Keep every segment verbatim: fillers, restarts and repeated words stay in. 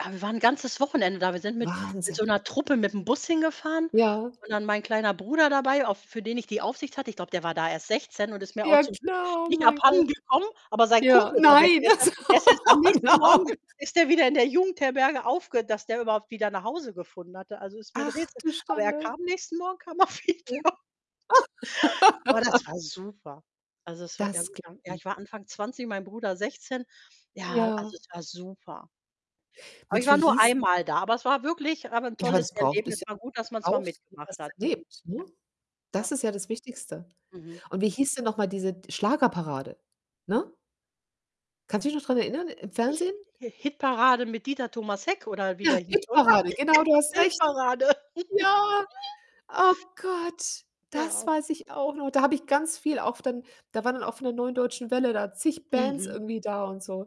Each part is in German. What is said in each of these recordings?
Ja, wir waren 'n ganzes Wochenende da. Wir sind mit mit so Wahnsinn. 'ner Truppe mit dem Bus hingefahren Ja. und dann mein kleiner Bruder dabei, auf für den ich die Aufsicht hatte. Ich glaube, der war da erst sechszehn und ist mir auch Ja zum Glück klar, oh nicht mein abhanden Gott. gekommen, aber sein Ja Kumpel war weg. nein, Der ist e also der ist erst am oh nächsten Morgen nein. ist der wieder in der Jugendherberge aufge dass der überhaupt wieder nach Hause gefunden hatte. Also, ist mir 'n Ach, Rätsel. du Aber er Schande. kam nächsten Morgen kam er wieder. [unintelligible] Aber das war super. Also, es war Das glaube irgendwann ja ich. ich war Anfang zwanzig, mein Bruder sechszehn. Ja, Ja. also, es war super. Aber ich Mensch, wie war nur hieß einmal da. Aber es war wirklich aber 'n Ja, aber tolles das braucht Erlebnis, bisschen war [unintelligible] gut, dass man's mal Brauchst du, mitgemacht was hat. erlebt, ne? Das Ja. ist ja das Wichtigste. Mhm. Und wie hieß denn noch mal diese d Schlagerparade, ne? Kannst du dich noch dran erinnern im Ich Fernsehen? Hi Hitparade mit Dieter Thomas Heck oder wie der Ja, hieß, oder? Hitparade. Genau, du hast recht. Hitparade. Ja. Oh Gott, das Ja. weiß ich auch noch. Da habe ich ganz viel auf dann da waren dann auch von der Neuen Deutschen Welle da zig Bands Mhm. irgendwie da und so.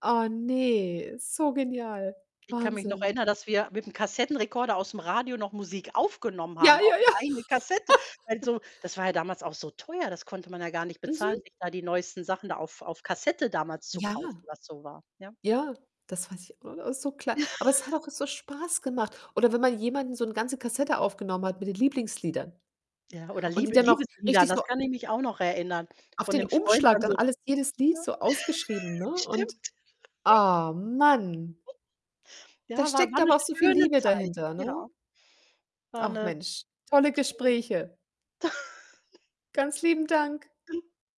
Ah ne, so genial. Ich kann mich noch Wahnsinn. erinnern, dass wir mit dem Kassettenrekorder aus'm Radio noch Musik aufgenommen Ja, haben auf ja, 'ne ja. eigene Kassette. Weil so das war ja damals auch so teuer, das konnte man ja gar nicht bezahlen, Mhm. sich da die neuesten Sachen da auf auf Kassette damals zu Ja. kaufen, was so war. Ja. Ja, das weiß ich auch noch so klar. Ja. Aber es hat auch so Spaß gemacht oder wenn man jemandem 'n so 'n ganze Kassette aufgenommen hat mit den Lieblingsliedern Ja, oder und die Liebe dann auch Liebeslieder, richtig das so kann ich mich auch noch erinnern, auf von den 'nem Freund Umschlag dann dann so alles jedes Lied so ausgeschrieben, ja, ne? stimmt. Und, ah Mann. Ja, Da war steckt war 'ne aber auch so viel schöne Liebe Zeit. dahinter, ne? Ja. War Ach 'ne tolle Mensch, tolle Gespräche. Ganz lieben Dank.